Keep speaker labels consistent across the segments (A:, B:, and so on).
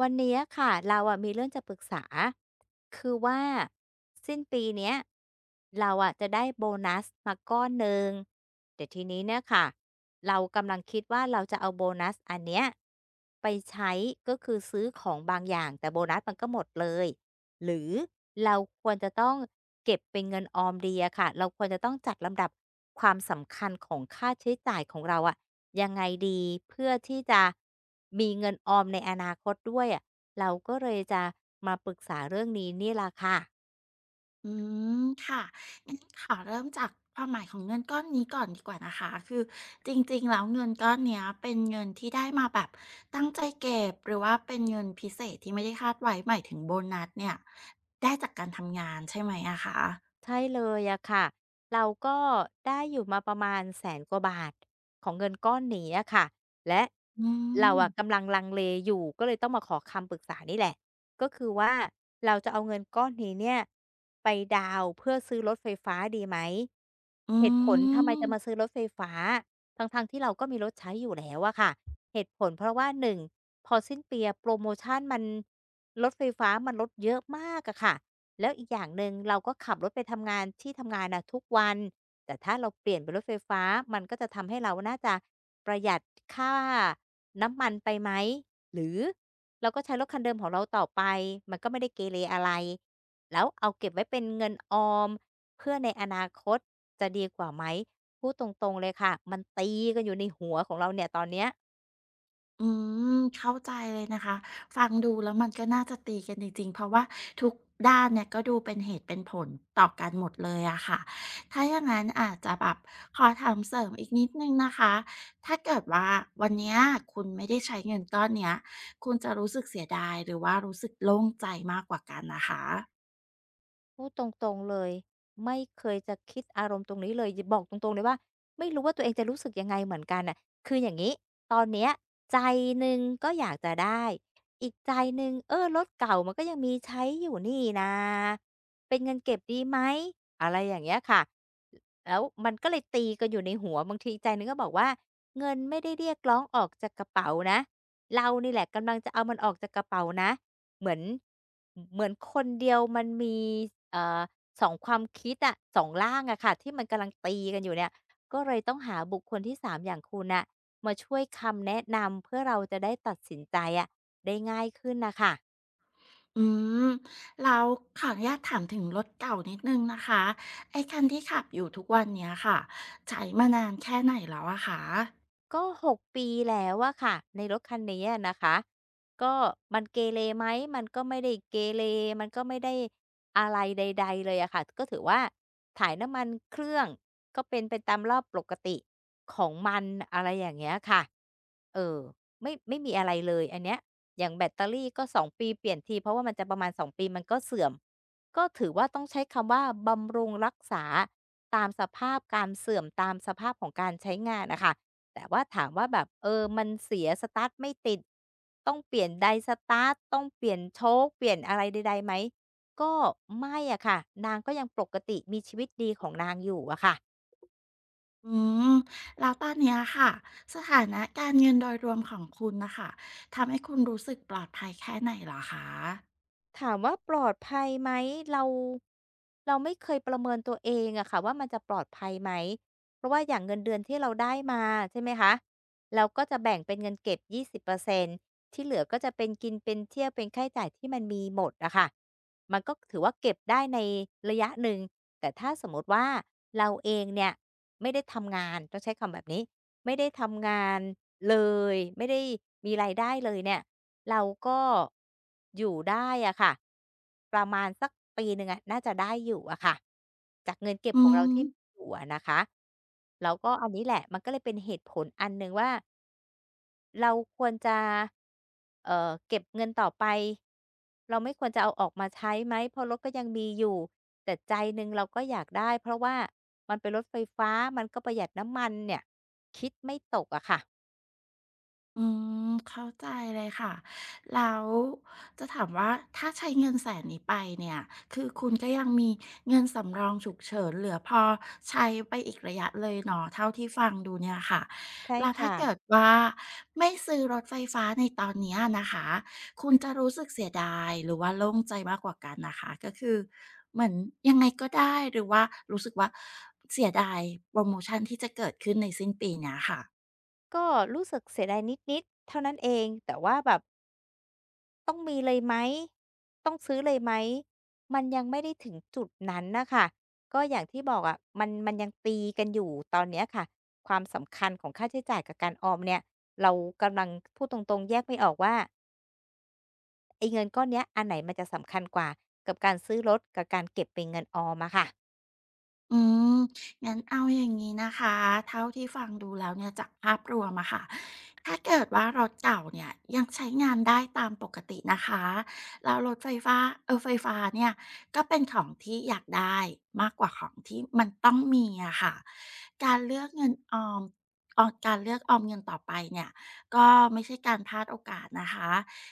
A: วันนี้ค่ะเรา อะมีเรื่องจะปรึกษา คือว่าสิ้นปีนี้ เราอะจะได้โบนัสมาก้อนหนึ่ง แต่ทีนี้เนี่ยค่ะ เรากำลังคิดว่า เราจะเอาโบนัสอันนี้ไปใช้ ก็คือซื้อของบางอย่าง แต่โบนัสมันก็หมดเลย หรือเราควรจะต้องเก็บเป็นเงินออมดีอะค่ะ เราควรจะต้องจัดลำดับความสำคัญของค่าใช้จ่ายของเราอะยังไงดี?เพื่อที่จะมีเงินออมในอนาคตด้วยอะ เราก็เลยจะมาปรึกษาเรื่องนี้นี่ล่ะค่ะ
B: อืม ค่ะ งั้นขอเริ่มจากความหมายของเงินก้อนนี้ก่อนดีกว่านะคะ คือจริง ๆ แล้ว เงินก้อนเนี้ยเป็น เงินที่ได้มาแบบตั้งใจเก็บ หรือว่าเป็น เงินพิเศษที่ไม่ได้คาดไว้ หมายถึงโบนัสเนี่ยได้จากการทำงานใช่ไหมอะคะ?
A: ใช่เลยอะค่ะ เราก็ได้อยู่มา ประมาณ 100,000 กว่าบาท ของเงินก้อนนี้อะค่ะ และ
B: อื
A: เราอ
B: ม
A: ะกำลังลังเลอยู่ก็เลยต้องมาขอคำ ปรึกษานี่แหละ ก็คือว่าเราจะเอาเงิน ก้อนนี้เนี่ยไปดาวน์เพื่อซื้อรถไฟฟ้าดีไหม
B: อื
A: เหตุผลทำไมจะม
B: ม
A: าซื้อรถไฟฟ้า ทั้ง ๆ ที่เราก็มีรถใช้อยู่แล้วอะค่ะ เหตุผลเพราะว่า 1 พอสิ้นปีโพรโมชันมัน รถไฟฟ้ามันลดเยอะ มากอะค่ะ แล้วอีกอย่างหนึ่ง เราก็ขับรถไปทำงานที่ ทำงานอะทุกวัน แต่ถ้าเราเปลี่ยนเป็นรถไฟฟ้ามันก็จะทำให้เราน่าจะประหยัด ค่าน้ำมันไปไหม หรือเราก็ใช้รถคันเดิมของเราต่อไปมันก็ไม่ได้เกเรอะไร แล้ว เอาเก็บไว้เป็นเงินออมเพื่อในอนาคตจะดีกว่าไหม พูดตรง ๆ เลยค่ะ มันตีกัน อยู่ในหัวของเราเนี่ยตอนนี้
B: อืม เข้าใจเลยนะคะ ฟังดูแล้วมันก็น่าจะตีกันจริง ๆ เพราะว่าทุกด้านเนี่ยก็ดูเป็นเหตุเป็นผลต่อกันหมดเลยอะคะ ถ้าอย่างงั้นอาจจะแบบขอถามเสริมอีกนิดหนึ่งนะคะ ถ้าเกิดว่า วันนี้คุณไม่ได้ใช้เงินก้อนเนี้ยคุณจะรู้สึกเสียดาย หรือว่ารู้สึกโล่งใจมากกว่ากันนะคะ?
A: พูดตรง ๆ เลย ไม่เคยจะคิดอารมณ์ตรงนี้เลย หยิบ บอกตรง ๆ เลยว่าไม่รู้ว่าตัวเองจะรู้สึกยังไงเหมือนกันน่ะ คืออย่างนี้ ตอนนี้ใจหนึ่งก็อยากจะได้ อีกใจหนึ่ง เออ รถเก่ามันก็ยังมีใช้อยู่นี่นา เป็นเงินเก็บดีไหม อะไรอย่างเงี้ยค่ะ แล้วมันก็เลยตีกันอยู่ในหัว บางทีอีกใจหนึ่งก็บอกว่าเงินไม่ได้เรียกร้องออกจากกระเป๋านะ เรานี่แหละกำลังจะเอามันออกจากกระเป๋านะ เหมือน เหมือนคนเดียวมันมี เอ่อ 2 ความคิดอะ 2 ร่างอะค่ะ ที่มันกำลังตีกันอยู่เนี่ย ก็เลยต้องหาบุคคลที่ 3 อย่างคุณน่ะ มาช่วยคำแนะนำเพื่อเราจะได้ตัดสินใจอะได้ง่ายขึ้นน่ะค่ะ
B: อืม แล้วขออนุญาตถามถึงรถเก่านิดหนึ่งนะคะ ไอ้คันที่ขับอยู่ทุกวันนี้ค่ะ ใช้มานานแค่ไหนแล้วอะคะ?
A: ก็ 6 ปีแล้วอะคะ ในรถคันนี้อะนะคะ ก็มัน เกเรไหม มันก็ไม่ได้เกเร มันก็ไม่ได้อะไรใด ๆ เลยอะคะ ก็ถือว่าถ่ายน้ำมันเครื่องก็เป็นไปตามรอบปกติของมัน อะไรอย่างเงี้ยค่ะ เอ่อ ไม่ ไม่มีอะไรเลยอันเนี้ย อย่างแบตเตอรี่ก็ 2 ปีเปลี่ยนที เพราะว่ามันจะประมาณ 2 ปีมันก็เสื่อม ก็ถือว่าต้องใช้คำว่า บำรุงรักษาตามสภาพการเสื่อม ตามสภาพของการใช้งานน่ะค่ะ แต่ว่าถามว่าแบบ เอ่อ มันเสีย สตาร์ตไม่ติด ต้องเปลี่ยนไดสตาร์ต ต้องเปลี่ยนโช๊ค เปลี่ยนอะไรใด ๆ ไหม ก็ไม่อะคะ นางก็ยังปกติ มีชีวิตดีของนางอยู่อะค่ะ
B: อืม แล้ว ตอนเนี้ยค่ะ สถานะการ เงินโดยรวมของคุณน่ะค่ะ ทำให้คุณรู้สึกปลอดภัยแค่ไหนเหรอคะ?
A: ถามว่าปลอดภัยไหม เรา เราไม่เคยประเมินตัวเองอะคะว่า มันจะปลอดภัยไหม เพราะว่าอย่างเงินเดือนที่เราได้มา ใช่ไหมคะ เราก็จะแบ่งเป็นเงินเก็บ 20% ที่เหลือก็จะเป็นกินเป็นเที่ยว เป็นค่าใช้จ่ายที่มันมีหมดอะคะ มันก็ถือว่าเก็บได้ในระยะหนึ่ง แต่ถ้าสมมุติว่าเราเองเนี่ยไม่ได้ทำงาน ต้องใช้คำแบบนี้ ไม่ได้ทำงานเลยไม่ได้มีรายได้เลยเนี่ย เราก็อยู่ได้อะคะ ประมาณสักปี 1 อะน่าจะได้อยู่อะคะ จากเงินเก็
B: อ
A: บ
B: ื
A: ของเราที่
B: ม
A: มีอยู่อะนะคะ แล้วก็อันนี้แหละ มันก็เลยเป็นเหตุผลอันหนึ่งว่า เราควรจะ เอ่อ เก็บเงินต่อไป เราไม่ควรจะเอาออกมาใช้ไหม เพราะรถก็ยังมีอยู่ แต่ใจหนึ่งเราก็อยากได้ เพราะว่ามันเป็นรถไฟฟ้า มันก็ประหยัดน้ำมันเนี่ย คิดไม่ตกอะคะ
B: อืม เข้าใจเลยค่ะ แล้วจะถามว่าถ้าใช้เงินแสนนี้ไปเนี่ย คือคุณ ก็ยังมีเงินสำรองฉุกเฉินเหลือพอใช้ไปอีกระยะเลยเนาะ เท่าที่ฟังดูเนี่ยค่ะ
A: ใช่
B: แล้ว
A: ค
B: ถ้า
A: ่
B: เก
A: ะ
B: ิดว่าไม่ซื้อรถไฟฟ้าในตอนเนี้ยนะคะ คุณจะรู้สึกเสียดายหรือว่าโล่งใจมากกว่ากันนะคะ? ก็คือเหมือนยังไงก็ได้ หรือว่ารู้สึกว่าเสียดายโพรโมชันที่จะเกิดขึ้นในสิ้นปีนี้ค่ะ?
A: ก็รู้สึกเสียดายนิด ๆ เท่านั้นเองแต่ว่าแบบ ต้องมีเลย ไหม ต้องซื้อเลยไหม มันยังไม่ได้ถึงจุดนั้นน่ะค่ะ ก็อย่างที่บอกอะ มัน มันยังตีกันอยู่ตอนนี้ค่ะ ความสำคัญของค่าใช้จ่ายกับการออมเนี่ย เรากำลัง พูดตรง ๆ แยกไม่ออกว่า ไอ้เงินก้อนเนี้ย อันไหนมันจะ สำคัญกว่ากับการซื้อรถกับการ เก็บเป็นเงินออมอะค่ะ?
B: อืม งั้น เอาอย่างงี้นะคะ เท่าที่ฟังดูแล้วเนี่ยจากภาพรวมอะค่ะ ถ้าเกิดว่ารถเก่า เนี่ยยังใช้งานได้ตามปกตินะคะ แล้วรถไฟฟา เอ่อ ไฟฟ้าเนี่ย ก็เป็นของ ที่อยากได้มากกว่าของที่มันต้องมีอะค่ะ การเลือกเงินออม อ่อ การเลือกออมเงินต่อไปเนี่ย ก็ไม่ใช่การพลาดโอกาสนะคะ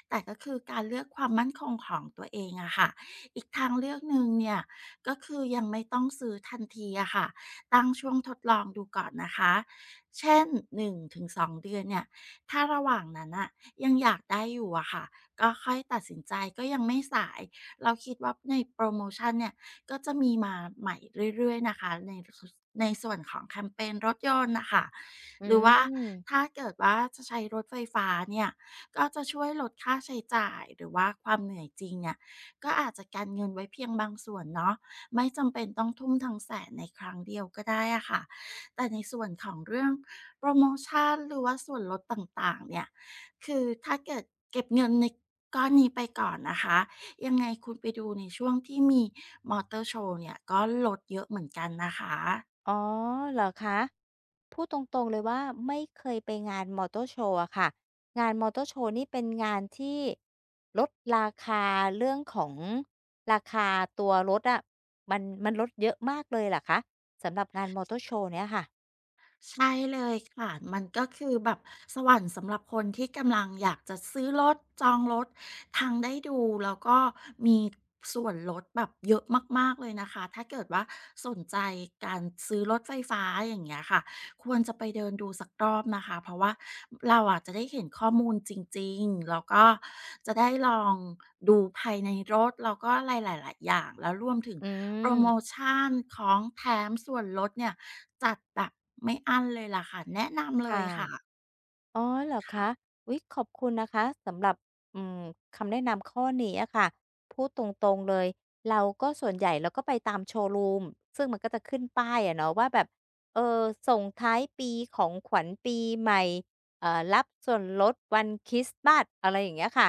B: แต่ก็คือการเลือกความมั่นคงของตัวเอง อะค่ะ อีกทางเลือกหนึ่งเนี่ย ก็คือยังไม่ต้องซื้อทันทีอะค่ะ ตั้งช่วงทดลองดูก่อนนะคะ เช่น 1-2 เดือนเนี่ย ถ้าระหว่างนั้นน่ะยังอยากได้อยู่อะค่ะ ก็ค่อยตัดสินใจก็ยังไม่สาย เราคิดว่าในโพรโมชันเนี่ย ก็จะมีมาใหม่เรื่อย ๆ นะคะ ใน ส ในส่วนของแคมเพนรถยนต์น่ะค่ะ
A: อื
B: หรือว่า
A: ม
B: ถ้าเกิดว่าจะใช้รถไฟฟ้าเนี่ย ก็จะช่วยลดค่าใช้จ่าย หรือว่าความเหนื่อยจริงเนี่ย ก็อาจจะกันเงินไว้เพียงบางส่วนเนาะ ไม่จำเป็นต้องทุ่มทั้ง 100,000 ในครั้งเดียวก็ได้อะค่ะ แต่ในส่วนของเรื่องโพรโมชัน หรือว่าส่วนลดต่าง ๆ เนี่ย คือถ้าเกิดเก็บเงินใน ก้อนนี้ไปก่อนนะคะ ยัง ไงคุณไปดูในช่วงที่มีมอเตอร์โชว์เนี่ย ก็ลดเยอะเหมือน กันนะคะ
A: อ๋อ เหรอคะ พูดตรง ๆ เลยว่า ไม่เคยไปงานมอเตอร์โชว์อะค่ะ งานมอเตอร์โชว์นี่เป็น งานที่ลด ราคา เรื่องของราคาตัวรถอะ มัน มันลดเยอะมากเลยเหรอคะ สำหรับ งานมอเตอร์โชว์เนี้ยค่ะ?
B: ใช่เลยค่ะ มันก็คือแบบสวรรค์สำหรับคนที่กำลังอยากจะซื้อรถ จองรถ ทั้งได้ดูแล้วก็มีส่วนลดแบบ เยอะมาก ๆ เลยนะคะ ถ้าเกิดว่าสนใจการซื้อรถไฟฟ้าอย่างเงี้ยค่ะ ควรจะไปเดินดูสักรอบนะคะ เพราะว่าเราอะจะได้เห็นข้อมูลจริง ๆ แล้วก็จะได้ลองดูภายในรถ แล้วก็อะไรหลาย ๆ อย่าง แล้วรวมถึง
A: อื
B: โพรโม
A: ม
B: ชัน ของแถม ส่วนลดเนี่ยจัดแบบไม่อั้นเลยล่ะค่ะ แนะนำเ
A: ค
B: ล
A: ่
B: ย
A: ะ
B: ค่ะ
A: อ๋อ เหรอ
B: ค
A: ค
B: ่ะ
A: ะ? อุ๊ย ขอบคุณนะคะ สำหรับ อืม คำแนะนำข้อนี้อะค่ะ พูดตรง ๆ เลย เราก็ ส่วนใหญ่เราก็ไปตามโชว์รูม ซึ่งมันก็จะขึ้นป้ายอะเนาะว่า แบบ เออ ส่งท้ายปี ของขวัญปีใหม่ เอ่อ รับส่วนลดวันคริสต์มาส อะไรอย่างเงี้ยค่ะ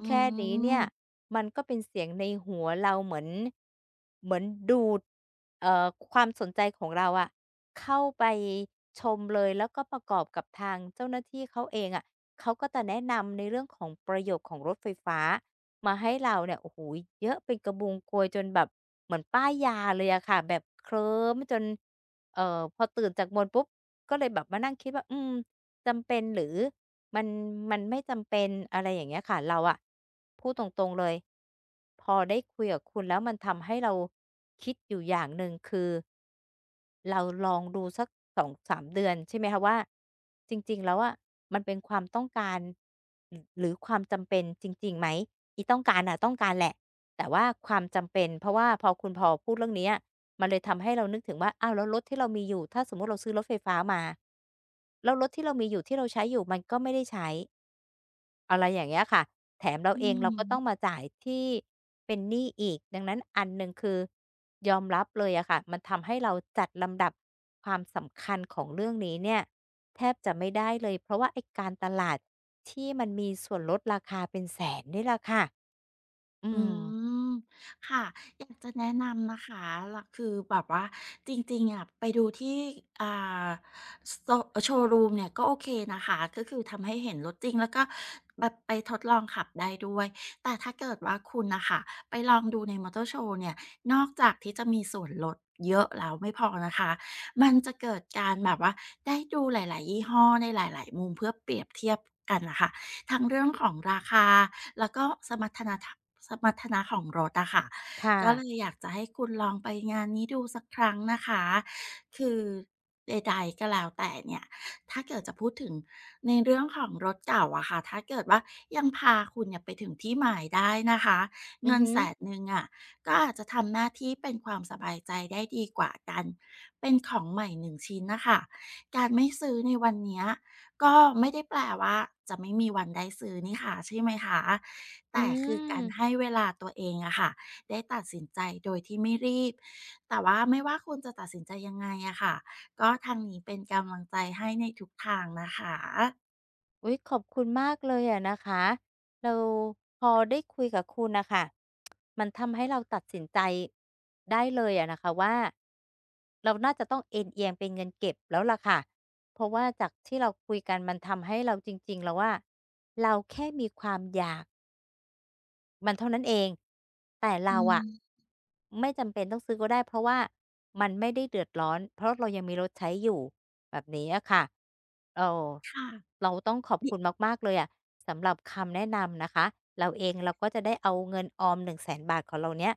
B: อื
A: แค่นี้เนี่ย
B: ม
A: มันก็เป็นเสียงในหัวเราเหมือน เหมือนดูด เอ่อ ความสนใจของเราอะ เข้าไปชมเลย แล้วก็ประกอบกับทางเจ้าหน้าที่เขาเองอะ เขาก็จะแนะนำในเรื่องของประโยชน์ของรถไฟฟ้า มาให้ เราเนี่ย โอ้โฮ เยอะเป็นกระบุงโกยจนแบบเหมือนป้ายยาเลยอะค่ะ แบบเคลิ้มจน เอ่อ พอตื่นจากมนต์ปุ๊บ ก็เลยแบบมานั่งคิดว่า อืม จำเป็น หรือมัน มันไม่จำเป็น อะไรอย่างเงี้ยค่ะ เราอะพูดตรง ๆ เลย พอได้คุยกับคุณแล้วมันทำให้เราคิดอยู่อย่างหนึ่ง คือ เรา ลองดูสัก 2-3 เดือนใช่ไหมคะว่า จริง ๆ แล้วอะ มันเป็นความต้องการ ร หรือความจำเป็นจริง ๆ ไหม อีต้องการน่ะ ต้องการแหละ แต่ว่าความจำเป็น เพราะว่าพอคุณ พอพูดเรื่องเนี้ย มันเลย ทำให้เรานึกถึงว่า อ้าว แล้วรถที่เรามีอยู่ ถ้าสมมุติเราซื้อรถไฟฟ้ามา แล้วรถที่เรามีอยู่ ที่เราใช้อยู่ มันก็ไม่ได้ใช้ อะไรอย่างเงี้ยค่ะ แถมเรา
B: อื
A: เอง
B: อ
A: เราก็
B: ฮ
A: ต
B: ึ
A: ้องมาจ่ายที่เป็นหนี้อีก ดังนั้นอันหนึ่งคือยอมรับเลยอะค่ะ มันทำให้เราจัดลำดับความสำคัญ ของเรื่องนี้เนี่ย แทบจะไม่ได้เลย เพราะว่าไอ้การตลาดที่มันมีส่วนลดราคาเป็น 100,000 นี่ล่ะค่ะ อื
B: อื
A: ม
B: ม ค่ะ อยากจะแนะนำนะคะ ร คือแบบว่า จริง ๆ อะ ไปดูที่ อ่า ซ โชว์รูมเนี่ย ก็โอเคนะคะ ก็คือทำให้เห็นรถจริง แล้วก็ แบบไปทดลองขับได้ด้วย แต่ถ้าเกิดว่าคุณน่ะค่ะ ไปลองดูในมอเตอร์โชว์เนี่ย นอกจากที่จะมีส่วนลด เยอะแล้วไม่พอนะคะ มันจะเกิด การแบบว่า ได้ดูหลาย ๆ ยี่ห้อในหลาย ๆ มุม เพื่อเปรียบเทียบกันน่ะค่ะ ทั้งเรื่องของราคา แล้วก็สมรรถนะทาง สมรรถนะของรถอะค่ะ
A: ค่
B: ก็
A: ะ
B: เลยอยากจะให้คุณลองไปงานนี้ดูสักครั้งนะคะ คือใด ๆ ก็แล้วแต่เนี่ยถ้าเกิดจะพูดถึงในเรื่องของรถ เก่าอะค่ะ ถ้าเกิดว่ายังพาคุณเนี่ยไปถึงที่หมายได้นะคะ
A: อ
B: เ
A: ื
B: ง
A: อ
B: ิน
A: ฮึ
B: 100,000 อะ ก็อาจจะทำหน้าที่เป็นความสบายใจได้ดีกว่าการเป็นของใหม่ 1 ชิ้นน่ะค่ะ การไม่ซื้อในวันเนี้ย ก็ไม่ได้แปลว่า จะไม่มีวันได้ซื้อนี่คะ ใช่ไหมคะ? แ
A: อ
B: ต
A: ื
B: ่คือการ
A: ม
B: ให้เวลาตัวเองอะค่ะ ได้ตัดสินใจโดยที่ไม่รีบ แต่ว่าไม่ว่าคุณจะตัดสินใจยังไงอะค่ะ ก็ทางนี้เป็นกำลังใจให้ในทุกทางนะคะ
A: อุ๊ย ขอบคุณมากเลยอะนะคะ เราพอได้คุยกับคุณน่ะค่ะ มันทำให้เราตัดสินใจได้เลยอะนะคะว่า เราน่าจะต้องเอนเอียงเป็นเงินเก็บแล้วล่ะค่ะ เพราะว่าจากที่เราคุยกันมันทำให้เรา จริง ๆ แล้วอะ เราแค่มีความอยาก มันเท่านั้นเอง แต่
B: อ
A: เ
B: ื
A: ราอะ
B: ม
A: ไม่จำเป็นต้องซื้อก็ได้ เพราะว่ามันไม่ได้เดือดร้อน เพราะเรายังมีรถใช้อยู่ แบบนี้อะค่ะ เอ่อ
B: ค่ะ
A: เราต้องขอบ
B: นิ
A: คุณมาก ๆ เลยอะ สำหรับคำ แนะนำนะคะ เราเองเราก็จะได้เอาเงินออม 100,000 บาทของเราเนี้ย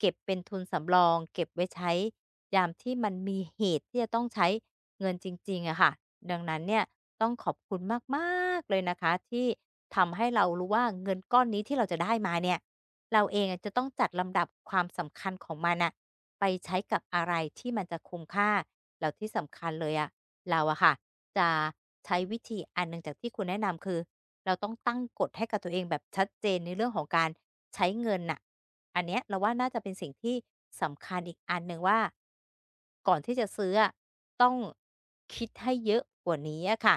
A: เก็บเป็นทุนสำรอง เก็บไว้ใช้ยามที่มันมีเหตุที่จะต้องใช้เงินจริง ๆ อะค่ะ ดังนั้นเนี่ยต้องขอบคุณมาก ๆ เลยนะคะ ที่ทำให้เรารู้ว่า เงินก้อนนี้ที่เราจะได้มาเนี่ย เราเองอะจะต้องจัดลำดับความสำคัญของมันน่ะ ไปใช้กับอะไรที่มันจะคุ้มค่า แล้วที่สำคัญเลยอะ เราอะค่ะ จะใช้วิธีอันหนึ่งจากที่คุณแนะนำ คือเราต้องตั้งกฎให้กับตัวเองแบบชัดเจนในเรื่องของการใช้เงินน่ะ อันเนี้ยเราว่าน่าจะเป็นสิ่งที่สำคัญอีกอันหนึ่งว่า ก่อนที่จะซื้ออะต้องคิดให้เยอะกว่านี้อะค่ะ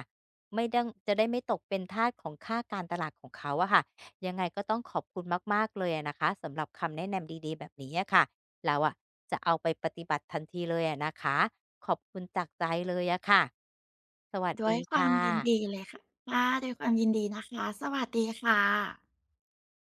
A: ไม่ดั้ง จะได้ไม่ตกเป็นทาสของค่าการตลาดของเขาอะค่ะ ยังไงก็ต้องขอบคุณมาก ๆ เลยอะนะคะสำหรับคำแนะนำดี ๆ แบบนี้อะค่ะ เราอะจะเอาไปปฏิบัติทันทีเลยอะนะคะ ขอบคุณจากใจเลยอะค่ะ สวัส
B: ด้ว
A: ด
B: ย
A: ี
B: คว
A: ค
B: า
A: ่
B: มยิน
A: ะ
B: ดีเลย ค ค่ะ ด้วยความยินดีนะคะ สวัสดีค่ะ